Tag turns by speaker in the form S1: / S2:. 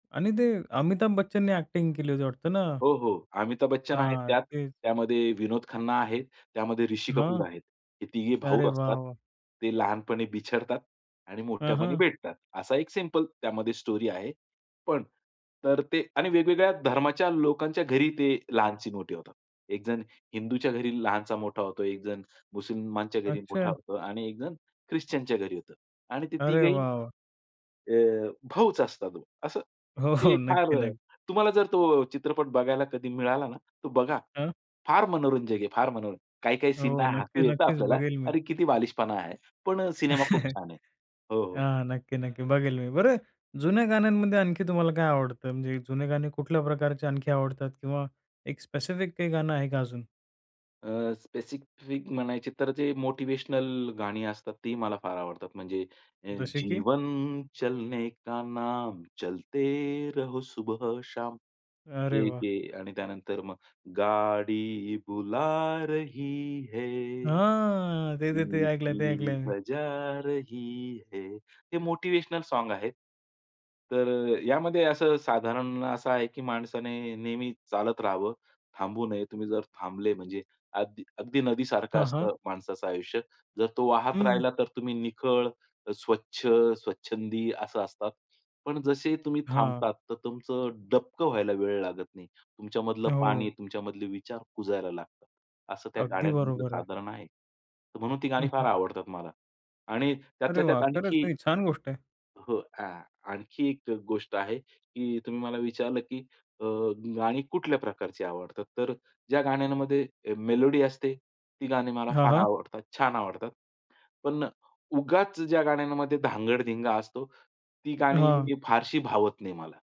S1: आणि ते अमिताभ बच्चनने एक्टिंग केली होती वाटतं ना.
S2: हो, हो. अमिताभ बच्चन आहेत
S1: हां,
S2: त्यात.
S1: तेच.
S2: त्यामध्ये विनोद खन्ना आहेत. त्यामध्ये ऋषी
S1: हां.
S2: कपूर आहेत. हे तिघे भाऊ
S1: अरे
S2: असतात.
S1: वाह! वाह!
S2: ते लहानपणी बिछडतात आणि
S1: हं,
S2: मोठ्यापणी
S1: हं.
S2: भेटतात. असा एक सिंपल त्यामध्ये स्टोरी आहे. पण तर ते आणि वेगवेगळ्या धर्माच्या लोकांच्या घरी ते लहानचे मोठे होतात. एक जण हिंदूच्या घरी लहानचा मोठा होतो, एक जण मुस्लिमांच्या घरी मोठा
S1: अच्छा.
S2: होतो आणि एक जण ख्रिश्चनच्या घरी होतो आणि ते
S1: अरे
S2: तिघेही
S1: वाह! वाह!
S2: अ, भाऊच असतात हो असं.
S1: हो, हो.
S2: ते फार
S1: नक्की, नक्की.
S2: तुम्हाला जर तो चित्रपट बघायला कधी मिळाला ना तर बघा.
S1: हां.
S2: फार मनोरंजक आहे, फार मनोरंजक. काही-काही
S1: हो
S2: सीनला हसू
S1: नक्की,
S2: येतं
S1: नक्कीच
S2: आपल्याला.
S1: बघेल मी.
S2: अरे, किती बालिशपणा आहे. पण सिनेमा खूप छान आहे. हो, हो.
S1: हां. नक्की, नक्की. बघेल मी. बरं, जुन्या गाण्यांमध्ये आणखी तुम्हाला काय आवडतं? म्हणजे जुने गाणे कुठल्या प्रकारचे आणखी आवडतात किंवा एक स्पेसिफिक काही गाणं आहे का अजून?
S2: अ, स्पेसिफिक म्हणायचे तर जे मोटिव्हेशनल गाणी असतात ती मला फार आवडतात. म्हणजे
S1: जसे की?
S2: जीवन चलनेका नाम, चलते रहो सुबह शाम
S1: अरे
S2: ते एक
S1: वाह!
S2: आहे आणि त्यानंतर मग गाडी बुला रही है,
S1: हां, ते-ते-ते ऐकलंय, ते
S2: सीटी
S1: ऐकलंय मी.
S2: बजा रही है. हे मोटिव्हेशनल सॉन्ग आहेत. तर यामध्ये असं साधारण असं आहे, की माणसाने नेहमी चालत राहावं, थांबू नये. तुम्ही जर थांबले म्हणजे अगदी अगदी नदीसारखं
S1: हां, हां.
S2: असतं माणसाचं आयुष्य. जर तो वाहत
S1: हं.
S2: राहिला तर तुम्ही निखळ, अ, स्वच्छ, स्वच्छंदी असं असतात. पण जसेही तुम्ही
S1: हां.
S2: थांबतात, तर तुमचं डबकं व्हायला वेळ लागत नाही. तुमच्यामधलं पाणी,
S1: हो.
S2: तुमच्यामधले विचार कुजायला लागतात. असं त्या
S1: अगदी
S2: गाण्यांमधलं
S1: बरोबर आहे.
S2: साधारण आहे. म्हणून ती गाणी
S1: हं,
S2: फार
S1: हं.
S2: आवडतात मला. आणि
S1: अरे
S2: त्यातल्या त्यात
S1: वाह! खरंच,
S2: आणखी
S1: नाही छान गोष्ट आहे.
S2: हो आ आणखी एक गोष्ट आहे, की तुम्ही मला विचारलं, की अ, गाणी कुठल्या प्रकारची आवडतात? तर ज्या गाण्यांमध्ये मेलोडी असते ती गाणी मला
S1: हां,
S2: फार
S1: हां.
S2: आवडतात. छान आवडतात. पण उगाच ज्या गाण्यांमध्ये धांगड-धिंगा असतो, ती गाणी
S1: हां.
S2: फारशी भावत नाही मला.